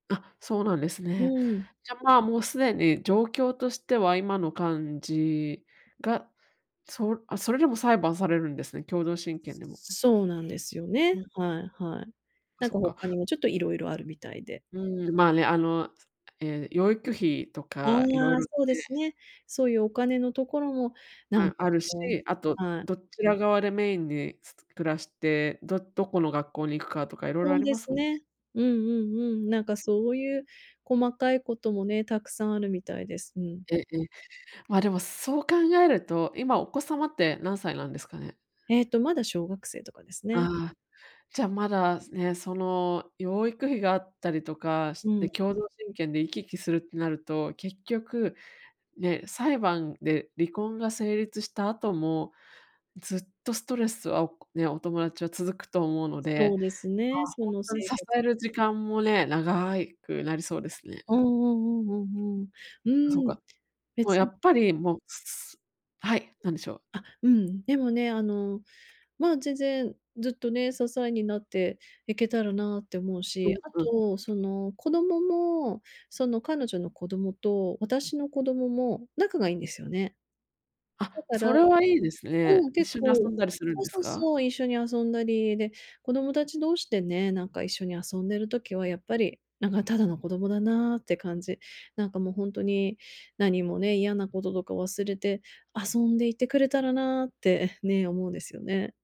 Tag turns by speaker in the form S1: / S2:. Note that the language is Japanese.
S1: あっ、そうなんです
S2: う
S1: ね。
S2: ん。
S1: じゃあまあ、もう既に状況としては今の感じが、そうあ、それでも裁判されるんですね、共同親権でも。
S2: そうなんですよね、
S1: うん。
S2: はいはい。
S1: あ、
S2: なん
S1: そ
S2: か
S1: っか。
S2: 他にもちょっといろいろあるみたいで。
S1: うーん、まあね、あの、ええ養育費と
S2: あ
S1: か、いろい
S2: あ、
S1: ろっ
S2: そうで
S1: て
S2: すね。そういうお金のところも、なん
S1: あ、
S2: か
S1: あるし、
S2: こ
S1: あと、
S2: うはい。
S1: どちら側でメインに、つ暮らして、どどこの学校に行くかとかいろいろ
S2: そ
S1: あ
S2: う
S1: り
S2: で
S1: ます
S2: す
S1: もんね。
S2: ね、うんうんうん、なんかそういう細かいこともね、たくさんあるみたいです、うん。
S1: え、え。まあ、でもそう考えると、今お子様って何歳なんですかね？
S2: えっと、まだ小学生とかですね。
S1: ああ、じゃあまだね、その養育費があったりとかし
S2: う
S1: て
S2: ん。
S1: 共同親権で行き来するってなると、結局ね、裁判で離婚が成立した後も、ずっとストレスはお友達は続くと思うの
S2: そ
S1: で、
S2: うですね、そ
S1: まあ
S2: の
S1: ほんとに支
S2: 生活。
S1: える時間もね、長いくなりそうですね、う
S2: う
S1: ん。
S2: んうんうんうんう
S1: あ、そう
S2: ん。うーん。
S1: か。もう
S2: 別
S1: や
S2: に
S1: っぱりもう、すはい、何でしょう？
S2: あっ、うん。でもね、あの、まあ、全然、ずっとね、支えになっていけたらなって思う
S1: う
S2: し、
S1: ん
S2: あ
S1: うん。
S2: と、その、子どもも、その、彼女の子どもと私の子どもも仲がいいんですよね。
S1: あ
S2: だ
S1: っ、
S2: から
S1: それはいいですね。
S2: うん、
S1: 一
S2: 結
S1: 緒に遊
S2: 構
S1: んだりするん
S2: そう
S1: です
S2: そう
S1: か？
S2: そう、一緒に遊んだり、で、子供たち同士でね、なんか一緒に遊んでる時はやっぱり、なんかただの子供だなって感じ。なんかもうほんとに何もね、嫌なこととか忘れて遊んでいてくれたらなって。ね、思うんですよね。